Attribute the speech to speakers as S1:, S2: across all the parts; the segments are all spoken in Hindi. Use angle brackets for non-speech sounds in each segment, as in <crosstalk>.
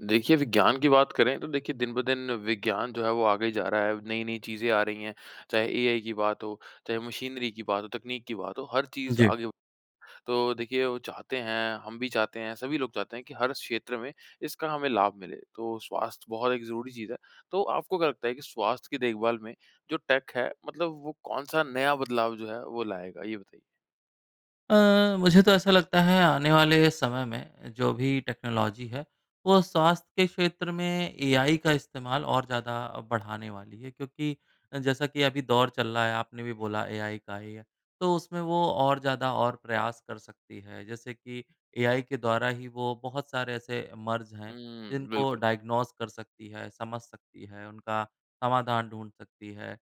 S1: देखिए विज्ञान की बात करें तो देखिए दिन ब दिन विज्ञान जो है वो आगे जा रहा है। नई-नई चीज़ें आ रही हैं चाहे एआई की बात हो चाहे वो मशीनरी की बात हो, तकनीक की बात हो हर चीज़
S2: जी।
S1: आगे तो देखिए वो चाहते हैं, हम भी चाहते हैं सभी लोग चाहते हैं कि हर क्षेत्र में इसका हमें लाभ मिले। तो स्वास्थ्य बहुत एक ज़रूरी चीज़ है। तो आपको क्या लगता है कि स्वास्थ्य की देखभाल में जो टेक है मतलब वो कौन-सा नया बदलाव जो है वो लाएगा? ये बताइए।
S2: अ, मुझे तो ऐसा लगता है आने वाले समय में जो भी टेक्नोलॉज़ी है वो स्वास्थ्य के क्षेत्र में एआई का इस्तेमाल और ज़्यादा बढ़ाने वाली है। क्योंकि जैसा कि अभी दौर चल रहा है आपने भी बोला एआई का ही है, तो उसमें वो और ज़्यादा और प्रयास कर सकती है। जैसे कि एआई के द्वारा ही वो बहुत सारे ऐसे मर्ज़ हैं
S1: उम,
S2: जिनको
S1: बिल्कुल।
S2: डायग्नोज़ कर सकती है, समझ सकती है, उनका समाधान ढूँढ सकती है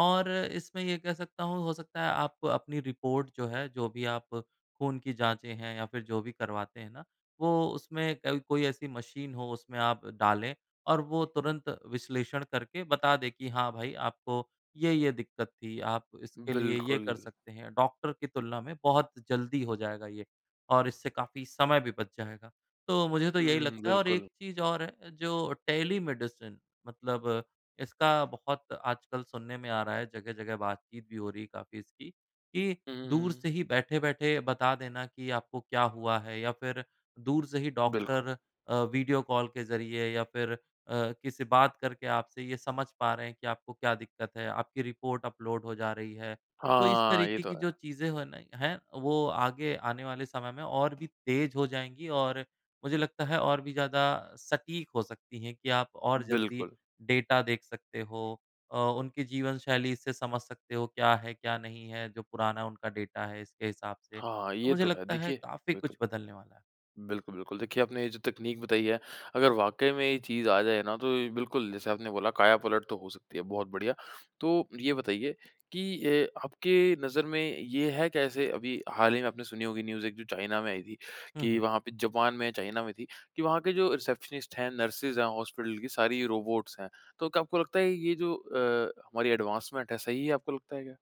S2: और इसमें ये कह सकता हूँ हो सकता है आप अपनी रिपोर्ट जो है, जो भी आप खून की जाँचें हैं या फिर जो भी करवाते हैं ना वो उसमें कभी कोई ऐसी मशीन हो उसमें आप डालें और वो तुरंत विश्लेषण करके बता दें कि, हाँ भाई आपको ये-ये दिक्कत थी, आप इसके लिए ये कर
S1: बिल्कुल।
S2: सकते हैं। डॉक्टर की तुलना में बहुत जल्दी हो जाएगा ये और इससे काफ़ी समय भी बच जाएगा। तो मुझे तो यही
S1: हुँ,
S2: लगता है और
S1: बिल्कुल।
S2: एक चीज़ और है जो टेली मेडिसिन, मतलब इसका बहुत आजकल सुनने में आ रहा है। जगह-जगह बातचीत भी हो रही है काफ़ी इसकी कि,
S1: हुँ, हुँ,
S2: दूर
S1: हुँ।
S2: से ही बैठे-बैठे बता देना कि आपको क्या हुआ है या फिर दूर से ही
S1: बिल्कुल।
S2: डॉक्टर अ, वीडियो कॉल के ज़रिए या फिर अ, किसी बात करके आपसे ये समझ पा रहे हैं कि आपको क्या दिक्कत है। आपकी रिपोर्ट अपलोड हो जा रही है। तो इस
S1: हाँ, ये
S2: तरीके
S1: तो
S2: की
S1: है।
S2: जो चीज़ें हैं न हैं वो आगे आने वाले समय में और भी तेज़ हो जाएँगी और मुझे लगता है और भी ज़्यादा सटीक हो सकती हैं कि आप और जल्दी
S1: बिल्कुल।
S2: डेटा देख सकते हो। अ, उनकी जीवन शैली से समझ सकते हो क्या है क्या नहीं है जो पुराना उनका डेटा है इसके हिसाब से।
S1: हाँ,
S2: तो
S1: ये
S2: मुझे
S1: तो है।
S2: लगता है
S1: देखिए
S2: काफ़ी
S1: बिल्कुल।
S2: कुछ बदलने वाला है।
S1: बिल्कुल, बिल्कुल देखिए आपने ये जो तकनीक बताई है अगर वाक़ई में ये चीज़ आ जाए ना तो बिल्कुल जैसे आपने बोला काया पलट तो हो सकती है, बहुत बढ़िया। तो ये बताइए कि ए, आपके नज़र में ये है कैसे। अभी हाल ही में आपने सुनी होगी न्यूज़ एक जो चाइना में आई थी
S2: हुँ,
S1: कि,
S2: हुँ।
S1: वहाँ पे जापान में या चाइना में थी कि वहाँ के जो रिसेप्शनिस्ट हैं, नर्स हैं हॉस्पिटल की सारी रोबोट्स हैं। तो क्या आपको लगता है ये जो अ, हमारी एडवांसमेंट है सही है, आपको लगता है क्या?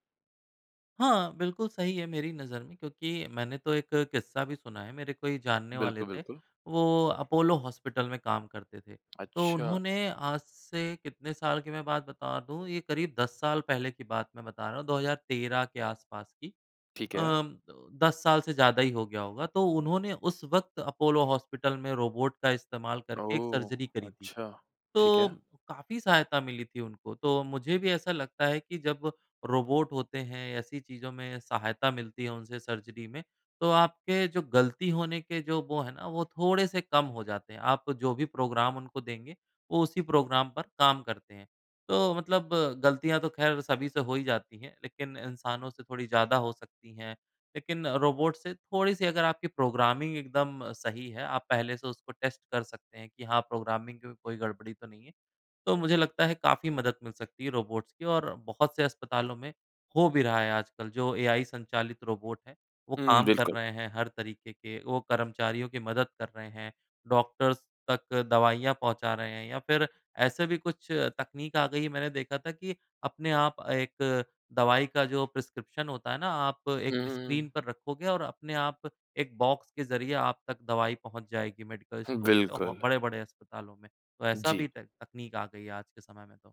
S2: हाँ बिल्कुल, सही है मेरी नज़र में क्योंकि मैंने तो एक किस्सा भी सुना है। मेरे कोई जानने वाले
S1: बिल्कुल,
S2: थे
S1: बिल्कुल।
S2: वो अपोलो हॉस्पिटल में काम करते थे। तो
S1: अच्छा।
S2: उन्होंने आज से कितने साल की मैं बात बता दूँ ये करीब 10 साल पहले की बात मैं बता रहा हूँ 2013 के आस-पास की।
S1: ठीक
S2: अ,
S1: है।
S2: 10 साल से ज़्यादा ही हो गया होगा। तो उन्होंने उस वक़्त अपोलो हॉस्पिटल में रोबोट का इस्तेमाल करके एक
S1: ओह!
S2: सर्जरी करी थी,
S1: अच्छा, ठीक
S2: तो
S1: है।
S2: काफ़ी सहायता मिली थी उनको। तो मुझे भी ऐसा लगता है कि जब रोबोट होते हैं ऐसी चीज़ों में सहायता मिलती है उनसे सर्जरी में तो आपके जो ग़लती होने के जो वो हैं ना वो थोड़े-से कम हो जाते हैं। आप जो भी प्रोग्राम उनको देंगे वो उसी प्रोग्राम पर काम करते हैं। तो मतलब ग़लतियाँ तो ख़ैर सभी से हो ही जाती हैं। लेक़िन इंसानों से थोड़ी ज़्यादा हो सकती हैं। लेकिन रोबोट से थोड़ी-सी अगर आपकी प्रोग्रामिंग एकदम सही है आप पहले से उसको टेस्ट कर सकते हैं कि हाँ प्रोग्रामिंग में कोई गड़बड़ी तो नहीं है। तो मुझे लगता है काफ़ी मदद मिल सकती है रोबोट्स की और बहुत से अस्पतालों में हो भी रहा है आजकल। जो एआई संचालित रोबोट हैं वो
S1: हुँ,
S2: काम कर
S1: बिल्कुल।
S2: रहे हैं हर तरीक़े के, वो कर्मचारियों की मदद कर रहे हैं। डॉक्टर्स तक दवाइयाँ पहुँचा रहे हैं या फ़िर ऐसे भी कुछ तकनीक आ गई है मैंने देखा था कि अपने आप एक दवाई का जो प्रिस्क्रिप्शन होता है ना आप
S1: हुँ,
S2: एक
S1: हुँ,
S2: स्क्रीन
S1: हुँ।
S2: पर रखोगे और अपने आप एक बॉक्स के ज़रिए आप तक दवाई पहुँचा जाएगी मेडिकल
S1: हुँ,
S2: स्टोर से।
S1: बिल्कुल।
S2: बड़े-बड़े अस्पतालों में तो ऐसा
S1: जी।
S2: भी तै तकनीक आ गई है आज के समय में तो।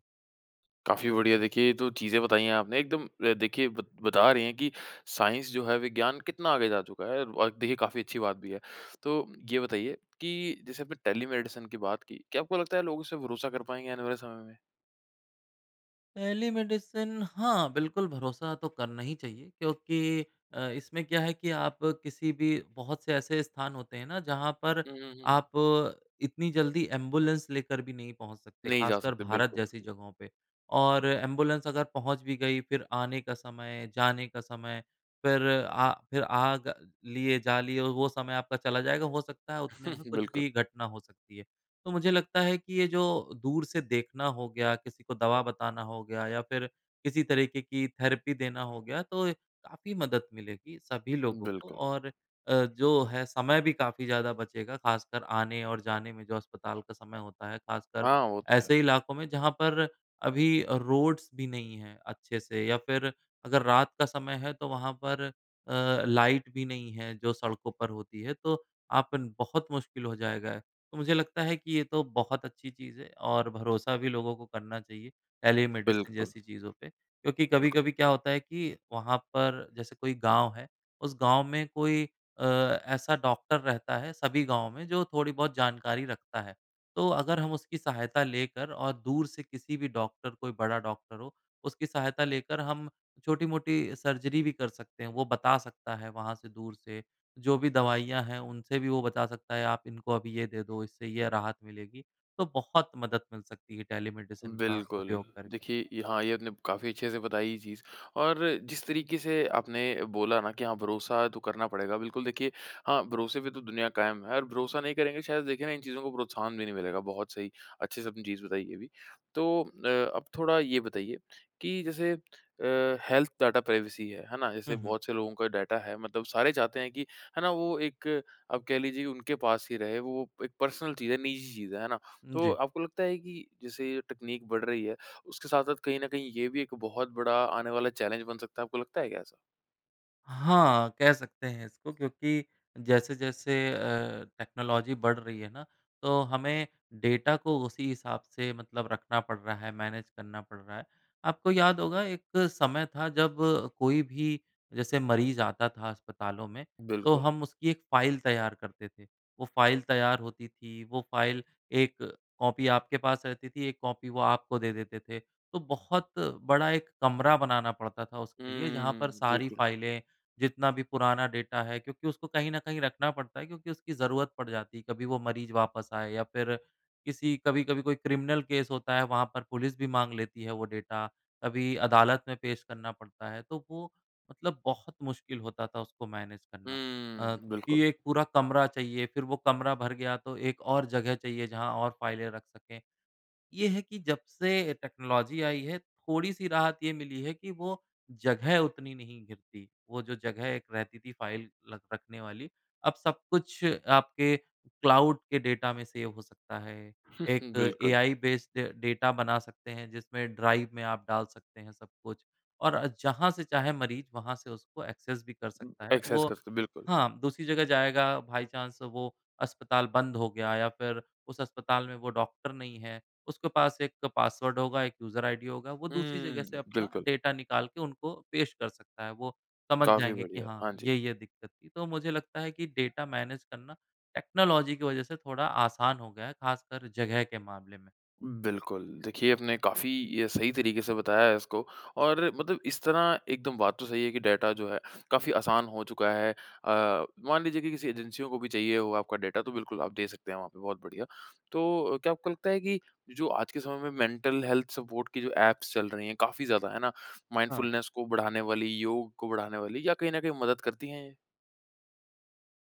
S1: काफ़ी बढ़िया देखिए ये तो चीज़ें बताई है आपने एकदम अ, देखिए बत बता रहे हैं कि साइंस जो है विज्ञान कितना आगे जा चुका है और देखिए काफ़ी अच्छी बात भी है। तो ये बताइए कि जैसे आपने टेलीमेडि़सिन की बात की, क्या आपको लगता है लोग उससे भरोसा कर पाएँगे आने वाले समय में?
S2: टेलीमेडि़सिन हाँ, बिल्कुल भरोसा तो करना ही चाहिए क्योंकि अ, इसमें क्या है कि आप किसी भी बहुत से ऐसे स्थान होते हैं ना जहाँ पर
S1: हुँ, हुँ, हुँ, हुँ।
S2: आप इतनी जल्दी एम्बुलेंस़ लेकर भी नहीं पहुँच सकते
S1: नहीं जा
S2: ख़ासकर
S1: सकते
S2: भारत
S1: बिल्कुल।
S2: जैसी जगहों पे। और एम्बुलेंस़ अगर पहुँच भी गई फ़िर आने का समय जाने का समय फ़िर आ फ़िर आग लिए जा लिए वो समय आपका चला जाएगा हो सकता है उतने में
S1: <chuckles>
S2: कुछ
S1: बिल्कुल।
S2: भी घटना हो सकती है। तो मुझे लगता है कि ये जो दूर से देखना हो गया किसी को दवा बताना होगा हो गया या फ़िर किसी तरीक़े की थेरेपी देना हो गया तो काफ़ी मदद मिलेगी सभी लोगों को
S1: बिल्कुल।
S2: और अ, जो है समय भी काफ़ी ज़्यादा बचेगा ख़ासकर आने और जाने में जो अस्पताल का समय होता है ख़ासकर
S1: हाँ, वो तो है।
S2: ऐसे इलाकों में जहाँ पर अभी अ, रोड्स भी नहीं है अच्छे से या फ़िर अगर रात का समय है तो वहाँ पर अ, लाइट भी नहीं है जो सड़कों पर होती है। तो आपन बहुत मुश्किल हो जाएगा तो मुझे लगता है कि ये तो बहुत अच्छी चीज़ है और भरोसा भी लोगों को करना चाहिए टेलीमेडि़सिन
S1: बिल्कुल।
S2: जैसी चीज़ों पे क्योंकि
S1: बिल्कुल।
S2: कभी-कभी क्या होता है कि वहाँ पर जैसे कोई गाँव है उस गाँव में कोई अ, ऐसा डॉक्टर रहता है सभी गाँव में जो थोड़ी-बहुत जानकारी रखता है। तो अगर हम उसकी सहायता लेकर और दूर से किसी-भी डॉक्टर कोई बड़ा डॉक्टर हो उसकी सहायता लेकर हम छोटी-मोटी सर्जरी भी कर सकते हैं। वो बता सकता है वहाँ से दूर से जो भी दवाइयाँ हैं उनसे भी वो बता सकता है आप इनको अभी ये दे दो इससे यह राहत मिलेगी तो बहुत मदद मिल सकती है टेलीमेडि़सिन का
S1: बिल्कुल।
S2: उपयोग करके।
S1: देखिए ये हाँ, ये आपने काफ़ी अच्छे से बताई ये चीज़ और जिस तरीक़े से आपने बोला ना कि हाँ भरोसा तो करना पड़ेगा। बिल्कुल देखिए हाँ, भरोसे पे तो दुनिया कायम है और भरोसा नहीं करेंगे शायद देखिए ना इन चीज़ों को प्रोत्साहन भी नहीं मिलेगा। बहुत सही अच्छे से आपने चीज़ बताई ये भी। तो अ अब थोड़ा ये बताइए कि जैसे अ, हेल्थ डेटा प्राइवेसी है। है ना? जैसे
S2: हुँ, हुँ।
S1: बहुत से लोगों का डेटा है मतलब सारे चाहते हैं कि है ना वो एक आप कह लीजिए उनके पास ही रहे वो एक पर्सनल चीज़ है निजी चीज़ है। है ना?
S2: उम,
S1: तो
S2: जी।
S1: आपको लगता है कि जैसे ये टेकनीक बढ़ रही है उसके साथ-साथ कहीं न कहीं ये भी एक बहुत बड़ा आने वाला चैलेंज बन सकता है आपको लगता है क्या ऐसा?
S2: हाँ। कह सकते हैं इसको क्योंकि जैसे-जैसे अ, टेक्नोलॉज़ी बढ़ रही है ना तो हमें डेटा को उसी हिसाब से मतलब रखना पड़ रहा है मैनेज करना पड़ रहा है। आपको याद होगा एक समय था जब कोई भी जैसे मरीज़ आता था अस्पतालों में तो हम उसकी 1 फाइल तैयार करते थे। वो फाइल तैयार होती थी। वो फाइल एक कॉपी आपके पास रहती थी एक कॉपी वो आपको दे देते थे। तो बहुत बड़ा एक कमरा बनाना पड़ता था उसके लिए। जहाँ पर सारी फाइलें जितना भी पुराना डेटा है क्योंकि उसको कहीं न कहीं रखना पड़ता है क्योंकि उसकी ज़रूरत पड़ जाती। कभी वो मरीज़ वापस आए या फ़िर किसी कभी-कभी कोई क्रिमिनल केस होता है वहाँ पर पुलिस भी माँग लेती है वो डेटा कभी अदालत में पेश करना पड़ता है। तो वो मतलब बहुत मुश्किल होता था उसको मैनेज करना। अ, कि
S1: बिल्कुल।
S2: एक पूरा कमरा चाहिए। फ़िर वो कमरा भर गया तो एक और जगह चाहिए जहाँ और फाइलें रख सकें। ये है कि जब से टेक्नोलॉज़ी आई है थोड़ी-सी राहत ये मिली है कि वो जगह उतनी नहीं घिरती। वो जो जगह एक रहती थी फाइल लख रखने वाली। अब सब कुछ आपके क्लाउड के डेटा में सेव हो सकता है। एक
S1: <chuckles> बिल्कुल।
S2: बेस्ड डेटा बना सकते हैं जिसमें ड्राइव में आप डाल सकते हैं सब कुछ और जहाँ से चाहें मरीज वहाँ से उसको एक्सेस भी कर
S1: उम,
S2: सकता है।
S1: एक्सेस
S2: वो
S1: कर सकते हैं। बिल्कुल।
S2: हाँ दूसरी जगह जाएगा बाय चांस वो अस्पताल बंद हो गया या फ़िर उस अस्पताल में वो डॉक्टर नहीं है। उसके पास एक पासवर्ड होगा एक यूज़र आईडी होगा। वो दूसरी जगह
S1: हुँ,
S2: से अपना
S1: बिल्कुल।
S2: डेटा निकाल के उनको पेश कर सकता है वो समझ
S1: काफ़ी
S2: जाएँगे कि
S1: बढ़िया।
S2: हाँ
S1: हाँ जी।
S2: ये-ये दिक़्क़त थी। तो मुझे लगता है कि डेटा मैनेज करना टेक्नोलॉज़ी की वज़ह से थोड़ा आसान हो गया है ख़ासकर जगह के मामले में।
S1: बिल्कुल। देखिए, आपने काफ़ी ये सही तरीके से बताया है इसको, और मतलब इस तरह एकदम बात तो सही है कि डेटा जो है, काफ़ी आसान हो चुका है। अ, मान लीजिए कि किसी एजेंसियों को भी चाहिए हो आपका डेटा तो बिल्कुल आप दे सकते हैं वहाँ पे। बहुत बढ़िया। तो अ, क्या आपको लगता है कि जो आज के समय में मेंटल हेल्थ सपोर्ट की जो एप्स चल रही हैं, काफ़ी ज़्यादा, है ना?
S2: हाँ।
S1: माइंडफुलनेस को बढ़ाने वाली, योग को बढ़ाने वाली, या कहीं न कहीं मदद करती हैं ये?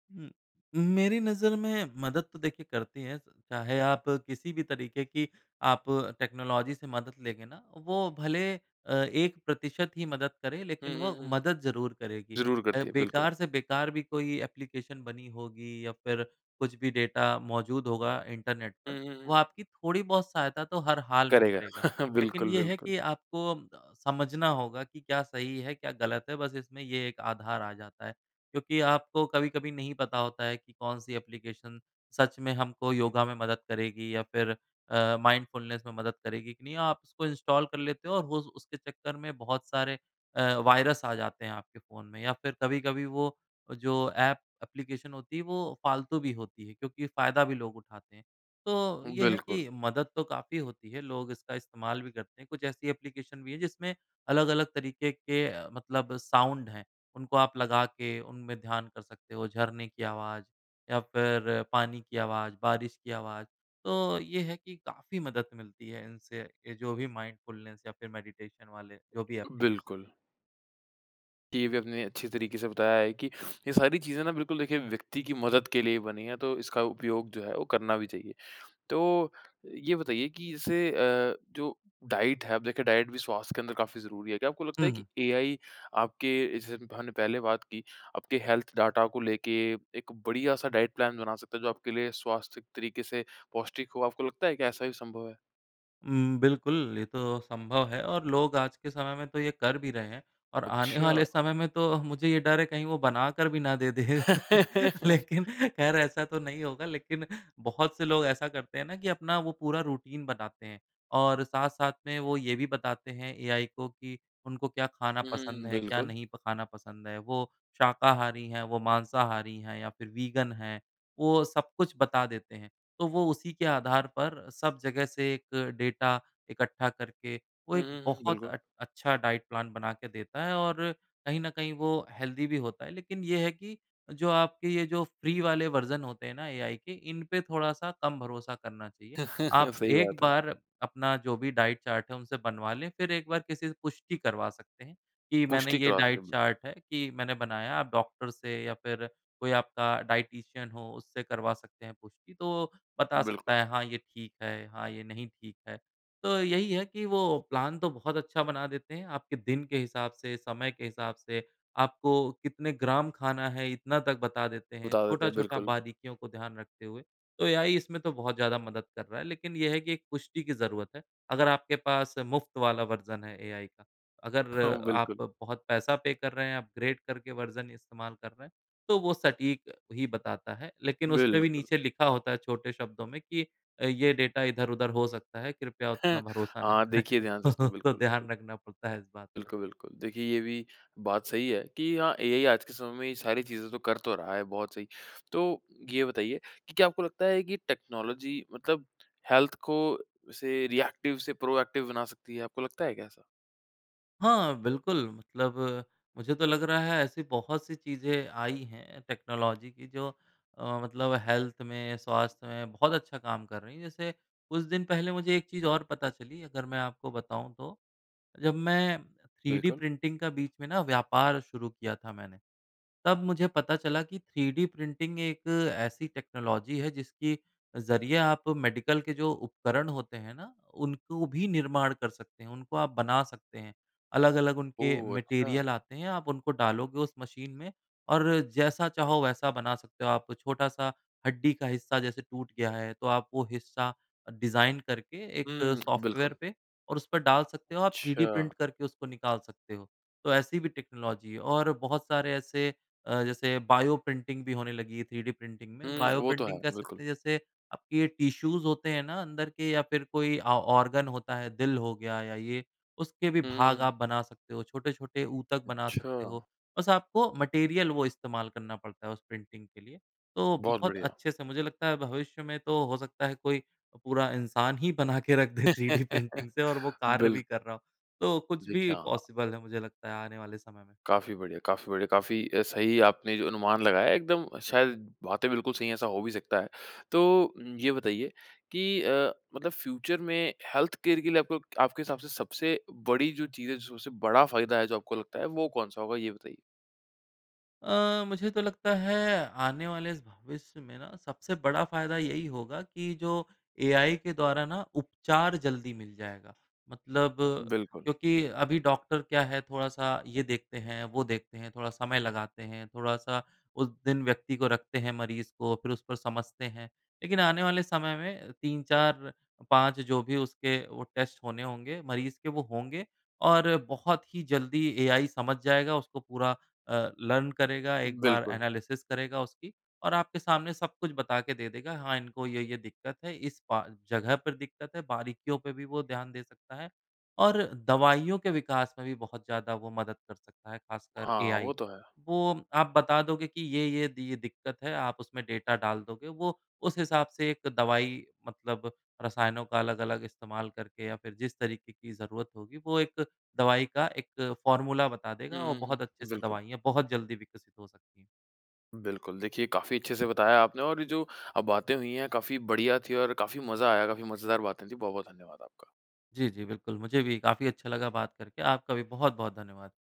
S2: उम, मेरी नज़र में मदद तो देखिए, करती है। चाहे आप किसी भी तरीके की आप टेक्नोलॉज़ी से मदद लेंगे ना, वो भले अ, 1% ही मदद करे,
S1: हुँ,
S2: लेकिन वो
S1: हुँ, हुँ, हुँ।
S2: मदद ज़रूर करेगी।
S1: ज़रूर
S2: अ,
S1: करती है, बिल्कुल।
S2: बेकार से बेकार भी कोई एप्लीकेशन बनी होगी, या फिर कुछ भी डेटा मौजूद होगा इंटरनेट पर,
S1: हुँ, हुँ,
S2: वो
S1: हुँ।
S2: आपकी थोड़ी-बहुत सहायता तो हर हाल में
S1: करेगा।
S2: करेगा।
S1: <chuckles>
S2: लेकिन
S1: बिल्कुल,
S2: ये है
S1: बिल्कुल।
S2: कि आपको समझना होगा कि क्या सही है, क्या गलत है, बस इसमें ये एक आधार आ जाता है। क्योंकि आपको कभी-कभी नहीं पता होता है कि कौन-सी एप्लीकेशन सच में हमको योगा में मदद करेगी, या फिर अ, माइंडफुलनेस में मदद करेगी, कि नहीं? आप उसको इंस्टॉल कर लेते हो और होज़ उसके चक्कर में बहुत सारे अ, वायरस आ जाते हैं आपके फ़ोन में। या फिर कभी-कभी वो जो एप एप्लीकेशन होती है, वो फ़ालतू भी होती है, क्योंकि फ़ायदा भी लोग उठाते हैं। तो ये है
S1: बिल्कुल।
S2: कि मदद तो काफ़ी होती है। लोग इसका इस्तेमाल भी करते हैं। कुछ ऐसी एप्लीकेशन भी हैं, जिसमें अलग-अलग तरीके के अ, मतलब साउंड हैं। उनको आप लगा के उनमे ध्यान कर सकते हो। झरने की आवाज़ या फिर पानी की आवाज़, बारिश की आवाज़, तो ये है कि काफ़ी मदद मिलती है इनसे। ये जो भी माइंडफुलनेस या फिर मेडिटेशन वाले, जो भी
S1: जी
S2: एप्लीकेशन
S1: बिल्कुल। ये भी आपने अच्छी तरीके से बताया है कि <sniffs> ये सारी चीज़ें ना बिल्कुल, देखिए व्यक्ति की मदद के लिए ही बनी है। तो इसका उपयोग जो है, वो करना भी चाहिए। तो ये बताइए कि इसे अ, जो डाइट है अब देखिए डाइट भी स्वास्थ्य के अंदर काफ़ी ज़रूरी है। क्या आपको लगता
S2: हुँ,
S1: है कि
S2: हुँ।
S1: एआई आपके जैसे हम हमने पहले बात की, आपके हेल्थ डाटा को लेके एक बढ़िया-सा डाइट प्लान बना सकता है, जो आपके लिए स्वास्थ्य तरीके से पौष्टिक हो, आपको लगता है कि ऐसा भी संभव है?
S2: उम, बिल्कुल ये तो संभव है और लोग आज के समय में तो ये कर भी रहे हैं और आने
S1: अच्छा।
S2: वाले समय में तो, मुझे ये डर है कहीं वो बनाकर भी ना दे दे <chuckles>
S1: <laughs>
S2: लेकिन ख़ैर ऐसा तो नहीं होगा लेकिन बहुत से लोग ऐसा करते हैं ना कि अपना वो पूरा रूटीन बनाते हैं और साथ-साथ में वो ये भी बताते हैं एआई को कि उनको क्या खाना
S1: हुँ, हुँ,
S2: पसंद
S1: हुँ,
S2: है? क्या
S1: बिल्कुल।
S2: नहीं प खाना पसंद है? वो शाकाहारी हैं, वो मांसाहारी हैं या फिर वीगन हैं, वो सब कुछ बता देते हैं तो वो उसी के आधार पर सब जगह से एक डाटा इकट्ठा करके वो
S1: हुँ,
S2: एक
S1: हुँ, हुँ,
S2: बहुत
S1: बिल्कुल।
S2: अट अच्छा डाइट प्लान बना के देता है और कहीं न कहीं वो हेल्थी भी होता है। लेकिन यह है कि जो आपके ये जो फ्री वाले वर्ज़न होते हैं ना एआई के, इन पे थोड़ा-सा कम भरोसा करना चाहिए।
S1: <chuckles>
S2: आप
S1: सही
S2: एक
S1: बात है।
S2: बार अपना जो भी डाइट चार्ट है उनसे बनवा लें, फिर एक बार किसी से पुष्टि करवा सकते हैं कि मैंने
S1: पुष्टि
S2: ये
S1: करवा सकते
S2: डाइट
S1: हैं, बिल्कुल।
S2: चार्ट है कि मैंने बनाया, आप डॉक्टर से या फिर कोई आपका डायटीशियन हो उससे करवा सकते हैं पुष्टि, तो बता
S1: बिल्कुल।
S2: सकता है हाँ, ये ठीक है हाँ, ये नहीं ठीक है। तो यही है कि वो प्लान तो बहुत अच्छा बना देते हैं आपके दिन के हिसाब से, समय के हिसाब से। आपको कितने ग्राम खाना है, इतना तक बता देते हैं।
S1: बता देते हैं,
S2: छोटा-छोटा
S1: बिल्कुल।
S2: बारीकियों को ध्यान रखते हुए। तो एआई इसमें तो बहुत ज़्यादा मदद कर रहा है, लेकिन ये है कि एक पुष्टि की ज़रूरत है, अगर आपके पास मुफ्त वाला वर्ज़न है एआई का।
S1: हाँ,
S2: अगर आप
S1: बिल्कुल।
S2: बहुत पैसा पे कर रहे हैं, अपग्रेड करके वर्ज़न इस्तेमाल कर रहे हैं, तो वो सटीक ही बताता है। लेकिन उसमें भी
S1: बिल्कुल।
S2: नीचे लिखा होता है छोटे शब्दों में कि अ, ये डाटा इधर-उधर हो सकता है, कृपया उतना
S1: <chuckles>
S2: भरोसा ना
S1: हाँ,
S2: करें
S1: देखिए ध्यान से इसको
S2: <chuckles> तो
S1: बिल्कुल, बिल्कुल।
S2: ध्यान रखना पड़ता है इस बात का।
S1: बिल्कुल, बिल्कुल, देखिए ये भी बात सही है कि हाँ, एआई आज के समय में ये सारी चीज़ें तो कर तो रहा है, बहुत सही। तो ये बताइए कि क्या आपको लगता है कि टेक्नोलॉजी मतलब हेल्थ को से रिएक्टिव से प्रोएक्टिव बना सकती है? आपको लगता है क्या ऐसा?
S2: हाँ, बिल्कुल। मतलब मुझे तो लग रहा है, ऐसी बहुत सी चीज़ें आई हैं, टेक्नोलॉज़ी की, जो अ, मतलब हेल्थ में, स्वास्थ्य में, बहुत अच्छा काम कर रही हैं। जैसे कुछ दिन पहले मुझे एक चीज़ और पता चली, अगर मैं आपको बताऊँ तो। जब मैं थ्रीडी
S1: बिल्कुल।
S2: प्रिंटिंग का बीच में ना, व्यापार शुरू किया था मैंने। तब मुझे पता चला कि थ्रीडी प्रिंटिंग एक ऐसी टेक्नोलॉज़ी है, जिसकी ज़रिए आप मेडिकल के जो उपकरण होते हैं ना, उनको भी निर्माण कर सकते हैं। उनको आप बना सकते हैं। अलग-अलग उनके
S1: ओह! अच्छा।
S2: मटीरियल आते हैं, आप उनको डालोगे उस मशीन में, और जैसा चाहो, वैसा बना सकते हो। आप छोटा-सा हड्डी का हिस्सा जैसे टूट गया है, तो आप वो हिस्सा डिज़ाइन करके एक
S1: हुँ,
S2: सॉफ्टवेयर
S1: बिल्कुल।
S2: पे, और उस पर डाल सकते हो आप, थ्रीडी
S1: अच्छा।
S2: प्रिंट करके उसको निकाल सकते हो। तो ऐसी भी टेक्नोलॉज़ी है, और बहुत सारे ऐसे अ, जैसे बायो प्रिंटिंग भी होने लगी है, थ्रीडी प्रिंटिंग में।
S1: हुँ,
S2: बायो
S1: वो तो
S2: प्रिंटिंग
S1: है।
S2: कह
S1: बिल्कुल।
S2: सकते हैं, जैसे आपकी ये टिश्यूज़ होते हैं ना, अंदर के या फिर कोई ऑ ऑर्गन होता है, दिल हो गया या ये, उसके भी
S1: हुँ,
S2: भाग आप
S1: हुँ।
S2: बना सकते हो। छोटे-छोटे ऊतक बना सकते हो।
S1: अच्छा।
S2: बस आपको मटीरियल वो इस्तेमाल करना पड़ता है, उस प्रिंटिंग के लिए। तो
S1: बहुत
S2: बहुत
S1: बढ़िया।
S2: अच्छे से मुझे लगता है, भविष्य में तो हो सकता है, कोई पूरा इन्सान ही बना के रख दे थ्रीडी प्रिंटिंग से और वो
S1: <laughs>
S2: कार्य
S1: बिल
S2: भी कर रहा हो। तो कुछ भी
S1: देखिए, हाँ, हाँ।
S2: पॉसिबल है, मुझे लगता है, आने वाले समय में।
S1: काफ़ी बढ़िया काफ़ी बढ़िया। काफ़ी अ, सही आपने जो अनुमान लगाया, एकदम शायद बातें बिल्कुल सही हैं, ऐसा हो भी सकता है। तो ये बताइए कि अ, मतलब फ्यूचर में हेल्थकेयर के लिए आपको क आपके हिसाब से सबसे बड़ी जो चीज़ है, जो सबसे बड़ा फ़ायदा है, जो आपको लगता है, वो कौन-सा होगा? ये बताइए।
S2: अ, मुझे तो लगता है आने वाले भविष्य में ना सबसे बड़ा फ़ायदा यही होगा कि जो एआई के द्वारा ना उपचार जल्दी मिल जाएगा मतलब
S1: बिल्कुल।
S2: क्योंकि अभी डॉक्टर क्या है थोड़ा-सा ये देखते हैं, वो देखते हैं, थोड़ा समय लगाते हैं, थोड़ा-सा उस दिन व्यक्ति को रखते हैं मरीज़ को फिर उस पर समझते हैं। लेकिन आने वाले समय में 3-4-5 जो भी उसके वो टेस्ट होने होंगे मरीज़ के वो होंगे और बहुत ही जल्दी एआई समझ जाएगा, उसको पूरा अ, लर्न करेगा। 1 बार
S1: बिल्कुल।
S2: एनालिसिस करेगा उसकी और आपके सामने सब कुछ बता के दे देगा, हाँ, इनको ये ये दिक्कत है, इस पा अ, जगह पर दिक्कत है, बारीकियों पे भी वो ध्यान दे सकता है और दवाइयों के विकास में भी बहुत ज़्यादा वो मदद कर सकता है ख़ासकर
S1: हाँ, वो
S2: एआई।
S1: तो है।
S2: वो आप बता दोगे कि ये-ये दि ये दिक्कत है, आप उसमें डेटा डाल दोगे। वो उस हिसाब से एक दवाई मतलब रसायनों का अलग-अलग इस्तेमाल करके या फिर जिस तरीक़े की ज़रूरत होगी वो एक दवाई का एक फ़ॉर्मूला बता
S1: हुँ,
S2: देगा और
S1: हुँ,
S2: बहुत अच्छे
S1: हुँ।
S2: से
S1: बिल्कुल।
S2: दवाइयाँ बहुत जल्दी विकसित हो सकती है।
S1: बिल्कुल, देखिए काफ़ी अच्छे से बताया आपने और ये जो अ, बातें हुई हैं काफ़ी बढ़िया थी और काफ़ी मज़ा आया, काफ़ी मज़ेदार बातें थी। बहुत-बहुत धन्यवाद आपका।
S2: जी, जी, बिल्कुल, मुझे भी काफ़ी अच्छा लगा बात करके। आपका भी बहुत-बहुत धन्यवाद।